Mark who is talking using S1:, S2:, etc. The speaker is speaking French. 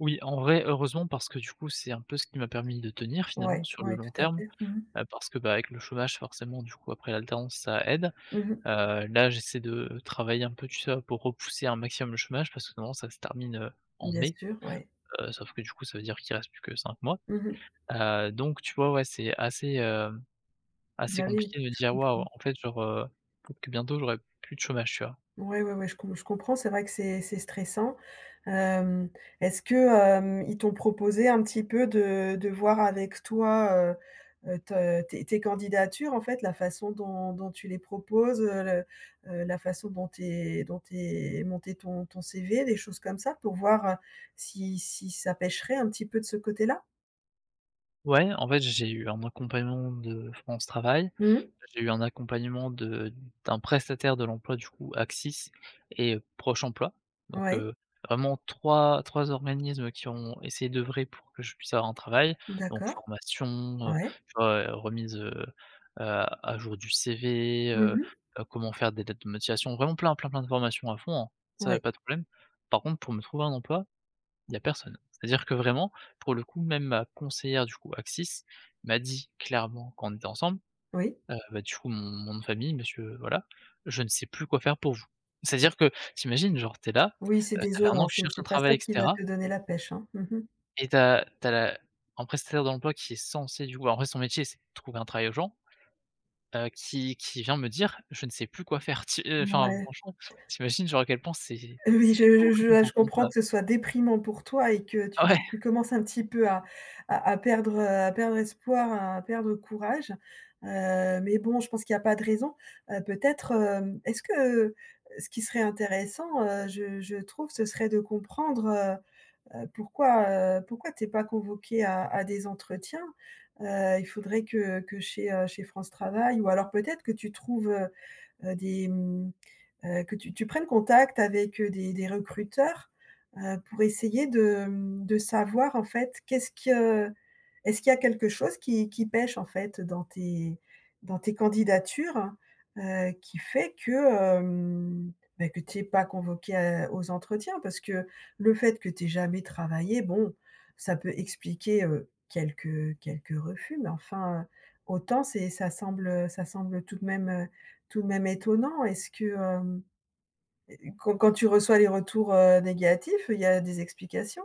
S1: Oui, en vrai heureusement parce que du coup, c'est un peu ce qui m'a permis de tenir finalement
S2: Ouais,
S1: sur le
S2: ouais,
S1: long
S2: tout à
S1: terme,
S2: fait, mmh mh.
S1: heu, parce que, beh, avec le chômage forcément du coup après l'alternance ça aide.
S2: Mmh mh.
S1: Heu, là j'essaie de travailler un peu tu sais, pour repousser un maximum le chômage parce que normalement ça se termine en
S2: Bien
S1: mai,
S2: sûr, ouais.
S1: heu, sauf que du coup ça veut dire qu'il reste plus que 5 mois.
S2: Mmh mh.
S1: Heu, donc, tu vois, ouais, c'est assez, hem, assez
S2: Bah oui,
S1: compliqué de
S2: je
S1: dire: «waouh,
S2: comprends.
S1: en fait, genre, pour que bientôt j'aurai plus de chômage». Tu vois?
S2: Ouais, ouais, ouais, je comp je comprends. C'est vrai que c'est c'est stressant. Hem, est-ce que, hem, ils t'ont proposé un petit peu de de voir avec toi, heu heu, te tes tes candidatures, en fait, la façon dont dont tu les proposes, heu, le, heu, la façon dont tu es dont tu es monter ton ton CV, les choses comme ça, pour voir, heu, si si ça pêcherait un petit peu de ce côté-là?
S1: Ouais, en fait, j'ai eu un accompagnement de France Travail,
S2: Mmh mh.
S1: j'ai eu un accompagnement de d'un prestataire de l'emploi du coup Axis et Proche Emploi, Donc
S2: Ouais.
S1: heu, vraiment 3- 3 organismes qui ont essayé d'œuvrer pour que je puisse avoir un travail, donc
S2: D'accord.
S1: formation, heu,
S2: Ouais.
S1: tu vois, remise, heu heu, à jour du CV,
S2: Mmh
S1: heu
S2: mh.
S1: heu, comment faire des lettres de motivation, vraiment plein, plein, plein de formations à fond, hein, ça y
S2: Ouais.
S1: a pas de problème. Par contre, pour me trouver un emploi, il y a personne. C'est à dire que vraiment pour le coup, même ma conseillère du coup, Axis m'a dit clairement quand on était ensemble,
S2: Oui.
S1: heu, beh du coup mon nom de famille, monsieur voilà, «Je ne sais plus quoi faire pour vous». C'est à dire que tu imagines, genre tu es là,
S2: Oui, c'est
S1: ça fait 1
S2: désolant,
S1: an que tu
S2: c'est
S1: cherches un
S2: c'est pas ça
S1: travail et
S2: qui va
S1: cetera
S2: te donner la pêche, hein, mmh mh.
S1: et tu as tu as la un prestataire d'emploi qui est censé du coup en vrai son métier, c'est de trouver un travail aux gens, heu, qui qui vient me dire: «Je ne sais plus quoi faire». Tu, heu enfin
S2: Mouais.
S1: franchement, tu imagines genre à quel point, c'est
S2: Heu, oui
S1: c'est
S2: je je
S1: horrible
S2: vois, je
S1: d'entendre
S2: comprends que
S1: ça?
S2: ce soit déprimant pour toi et que
S1: Ah
S2: tu
S1: ouais.
S2: tu commences un petit peu à à à perdre, heu, à perdre espoir, à perdre courage. Heu, mais bon, je pense qu'il y a pas de raison. Heu, peut-être, hem, est-ce que ce qui serait intéressant, heu, je je trouve, ce serait de comprendre, heu heu, pourquoi, heu, pourquoi tu es pas convoqué à à des entretiens? Heu, il faudrait que que chez, heu, chez France Travail, ou alors peut-être que tu trouve, heu heu, des, mmh, heu, que tu tu prennes contact avec, heu, des des recruteurs, heu, pour essayer de, mmh, de savoir, en fait, qu'est-ce que est-ce qu'il y a quelque chose qui qui pêche, en fait, dans tes dans tes candidatures? Heu, qui fait que, mmh, beh, que tu es pas convoqué aux entretiens, parce que le fait que tu es jamais travaillé, bon, ça peut expliquer, heu, quelques quelques refus, mais enfin, heu, autant c'est ça semble, heu, ça semble tout de même, heu, tout de même étonnant. Est-ce que hem, quand quand tu reçois les retours, heu, négatifs, il y a des explications?